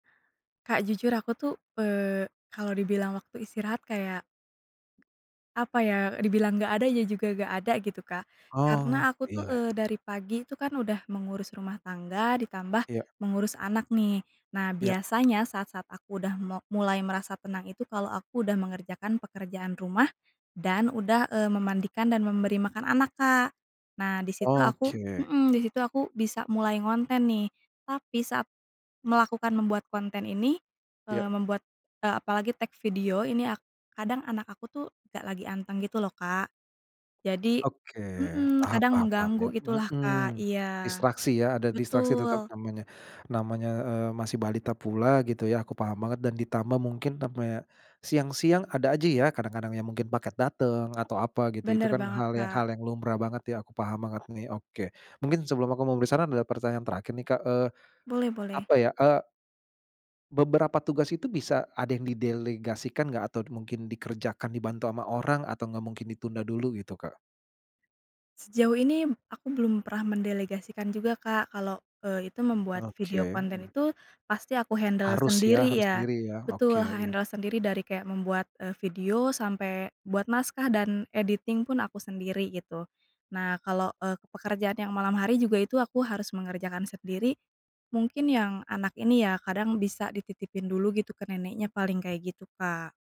Kak, jujur aku tuh, eee, kalau dibilang waktu istirahat kayak, apa ya, dibilang gak ada ya juga gak ada gitu, Kak. Oh, Karena aku tuh, iya. eee, dari pagi itu kan udah mengurus rumah tangga ditambah Iya. mengurus anak nih. Nah, Iya. biasanya saat-saat aku udah mo mulai merasa tenang itu kalau aku udah mengerjakan pekerjaan rumah dan udah, eee, memandikan dan memberi makan anak, Kak. Nah, di situ aku Oke. mmm, di situ aku bisa mulai ngonten nih. Tapi saat melakukan membuat konten ini, eee, Ya. membuat, eee, apalagi take video ini ak kadang anak aku tuh gak lagi anteng gitu loh, Kak. Jadi Oke. mmm, Paham kadang paham paham ya mengganggu gitu lah, Kak. mmm. Iya. Distraksi ya, ada distraksi tetap Betul. namanya, namanya, eee, masih balita pula gitu ya, aku paham banget dan ditambah mungkin sampai siang-siang ada aja ya, kadang-kadang yang mungkin paket dateng, atau apa gitu. Itu Bener kan banget, hal yang Kak. hal yang lumrah banget ya, aku paham banget nih. Oke mungkin sebelum aku memberi saran, ada pertanyaan terakhir nih, Kak. Eee, Boleh boleh. apa ya, eee beberapa tugas itu bisa ada yang didelegasikan gak? Atau d mungkin dikerjakan dibantu ama orang, atau nggak mungkin ditunda dulu gitu, Kak? Sejauh ini, mmm, aku belum pernah mendelegasikan juga, Kak. Kalau, eee, itu membuat video Oke, konten hmm. itu pasti aku handle Harus ya, sendiri harus ya. sendiri ya. Oke, Betul, ha iya. handle sendiri. Dari kayak membuat, eee, video sampai buat naskah dan editing pun aku sendiri gitu. Nah, kalau, eee, pekerjaan yang malam hari juga itu aku harus mengerjakan sendiri, mungkin yang anak ini ya kadang bisa dititipin dulu gitu ke neneknya paling kayak gitu, Kak.